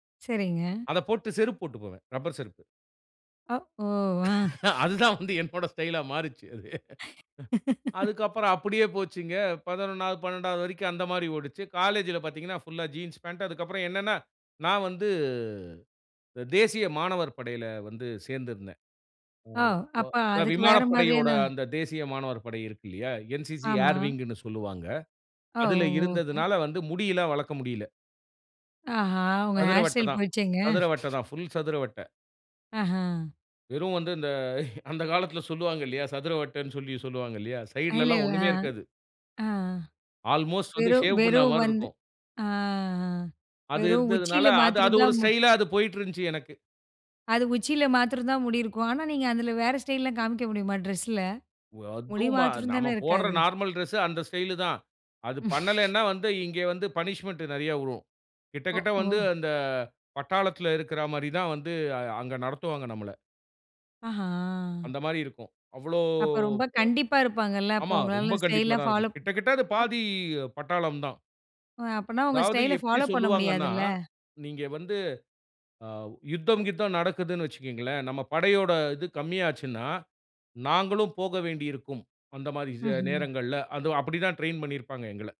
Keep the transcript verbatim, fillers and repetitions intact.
சரிங்க. அத போட்டு செருப்பு போட்டு போவேன். ரப்பர் செருப்பு. அ, ஓ, ஆ. அதுதான் வந்து என்னோட ஸ்டைல்லா மாறிச்சு அது. அ. அதுக்கப்புறம் அப்டியே போச்சுங்க. பதினொன்றாவது, பன்னிரண்டாவது வரைக்கும் அந்த மாரி ஓடுச்சு. காலேஜ்ல பார்த்தீங்கன்னா, புல்லா ஜீன்ஸ் பாண்ட், அதுக்கு அப்புறம் என்னனா, நான் வந்து தேசிய மாணவர் படையில வந்து சேர்ந்திருந்தேன். ஆவ் அ வ அப்ப க அதுக்கு வேற விமானப்படையோட மாதிரியான அந்த தேசிய மாணவர் படை இருக்கு இல்லையா, NCC ஆமா. ஏர்விங்ன்னு சொல்வாங்க. அவ், அதில ஓகே. இருந்ததனால வந்து முடியில்லா வளர்க்க முடியல. ஆஹா, உங்க சதுர ஹேர் வட்ட ஸ்டைல் தான். போச்சேங்க? சதுர வட்ட தான் புல் சதுர வட்ட. ஆஹ. வெறும் வந்து இந்த அந்த காலத்துல சொல்வாங்க இல்லையா, சதுர வட்டன்னு சொல்லி சொல்வாங்க இல்லையா, இல்ல, சைட்லலாம் இல்ல. ஒண்ணுமே ஆ, இருக்காது. ஆ ஆல்மோஸ்ட் வந்து வெறும் ஷேவ் பண்ண வெறும் மாரி வந்து இருக்கும். ஆஹ அது வெறும் இருந்ததுனால உச்சியில அது அது மாத்திரம் ஒரு தான் மு ஸ்டைல்லா அது போயிட்டுருந்துச்சு எனக்கு. அது உச்சியில மாத்திரம் தான் முடி இருக்கும். ஆனா, நீங்க அதில வேற ஸ்டைல்லலாம் காமிக்க முடியுமா ட்ரெஸில. முடி அதும் ம மாத்திரம் நம்ம தானே போடுற இருக்காது. நார்மல் டிரெஸ் அந்த ஸ்டைலு தான். அது பண்ணலன்னா, வந்து இங்கே வந்து பனிஷ்மென்ட் நெறைய வுழும். கிட்ட ஓ, கிட்ட வந்து ஓ. அந்த பட்டாளத்துல இருக்கற மாரி தான் வந்து அ அங்கு நடத்துவாங்க நம்மள. ஆஹா. அந்த மாரி இருக்கும். அவ்வளோ அப்ப ரொம்ப கண்டிப்பா இருப்பாங்கல்ல. ப ஆமா. அப்போ ரொம்ப உங்களா கண்டிப்பா ஸ்டைல் தான் பாலோ. இருக்கும். கிட்ட கிட்ட அது அப் பாதி பட்டாளம் தான். அ அப்பனா உங்க அதாவது ஸ்டைல எப்டி ஃபாலோ பண்ண சொல்வாங்கன்னா, முடியாதுல்ல? நீங்க வந்து அ யுத்தம் கித்தம் நடக்குதுன்னு வச்சுக்குங்களேன், நம்ம படையோட இது கம்மியாச்சுன்னா, நாங்களும் போக வேண்டி இருக்கும். அந்த மாரி ம்ஹ்ம். நேரங்கள்ல அது அப்டி தான் ட்ரெயின் பண்ணியிருப்பாங்க எங்கள.